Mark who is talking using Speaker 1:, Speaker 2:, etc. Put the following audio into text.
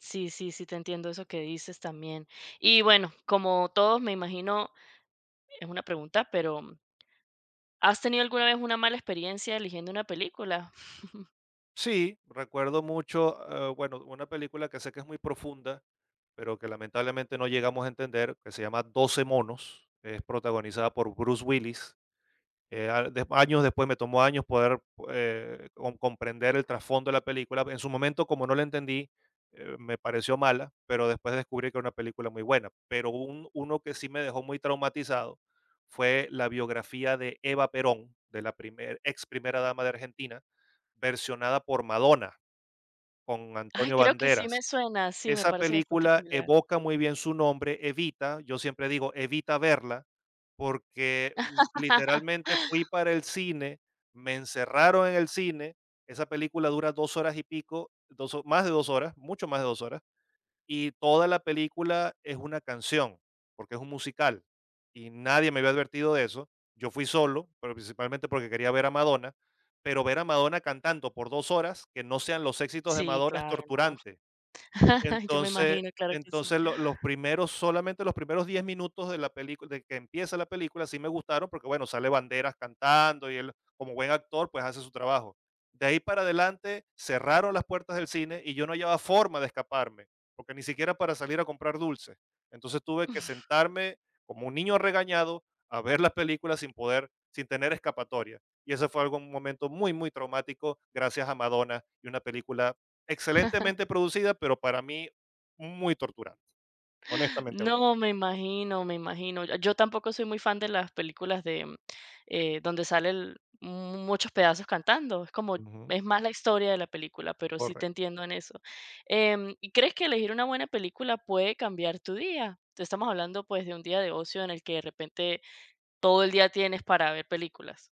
Speaker 1: Sí, sí, sí te entiendo eso que dices también. Y, bueno, como todo me imagino, es una pregunta, pero ¿has tenido alguna vez una mala experiencia eligiendo una película?
Speaker 2: Sí, recuerdo mucho, eh, bueno, una película que sé que es muy profunda, pero que lamentablemente no llegamos a entender, que se llama 12 monos, es protagonizada por Bruce Willis, eh, años después, me tomó años poder, eh, con comprender el trasfondo de la película. En su momento, como no le entendí, eh, me pareció mala, pero después descubrí que era una película muy buena. Pero un uno que sí me dejó muy traumatizado fue la biografía de Eva Perón, de la primer ex primera dama de Argentina, versionada por Madonna, con
Speaker 1: Ay,
Speaker 2: Antonio
Speaker 1: creo que sí
Speaker 2: Banderas.
Speaker 1: me suena, sí, me
Speaker 2: Esa
Speaker 1: parece bastante
Speaker 2: película
Speaker 1: familiar.
Speaker 2: evoca muy bien su nombre, Evita, yo siempre digo: "Evita verla", porque literalmente fui para el cine, me encerraron en el cine. Esa película dura 2 horas y pico, 2, más de 2 horas, mucho más de 2 horas, y toda la película es una canción, porque es un musical, y nadie me había advertido de eso. Yo fui solo, pero principalmente porque quería ver a Madonna, pero ver a Madonna cantando por 2 horas, que no sean los éxitos de
Speaker 1: Sí,
Speaker 2: Madonna, es
Speaker 1: claro, no.
Speaker 2: torturante.
Speaker 1: Yo me
Speaker 2: Entonces,
Speaker 1: imagino, claro que sí.
Speaker 2: entonces, lo los primeros, solamente los primeros 10 minutos de la película de que empieza la película sí me gustaron, porque bueno, sale Banderas cantando y él, como buen actor, pues, hace su trabajo. De ahí para adelante cerraron las puertas del cine y yo no hallaba forma de escaparme, porque ni siquiera para salir a comprar dulces. Entonces, tuve que sentarme como un niño regañado a ver las películas sin poder sin tener escapatoria. Y ese fue algo, un momento muy, muy traumático gracias a Madonna, y una película excelentemente producida, pero para mí muy torturante, honestamente hablando.
Speaker 1: No, me imagino, me imagino. Yo, tampoco soy muy fan de las películas de, eh, donde salen muchos pedazos cantando, es como
Speaker 2: Ujú.
Speaker 1: es más la historia de la película, pero sí
Speaker 2: Correcto.
Speaker 1: te entiendo en eso, em, ¿y crees que elegir una buena película puede cambiar tu día? Estamos hablando, pues, de un día de ocio en el que de repente todo el día tienes para ver películas.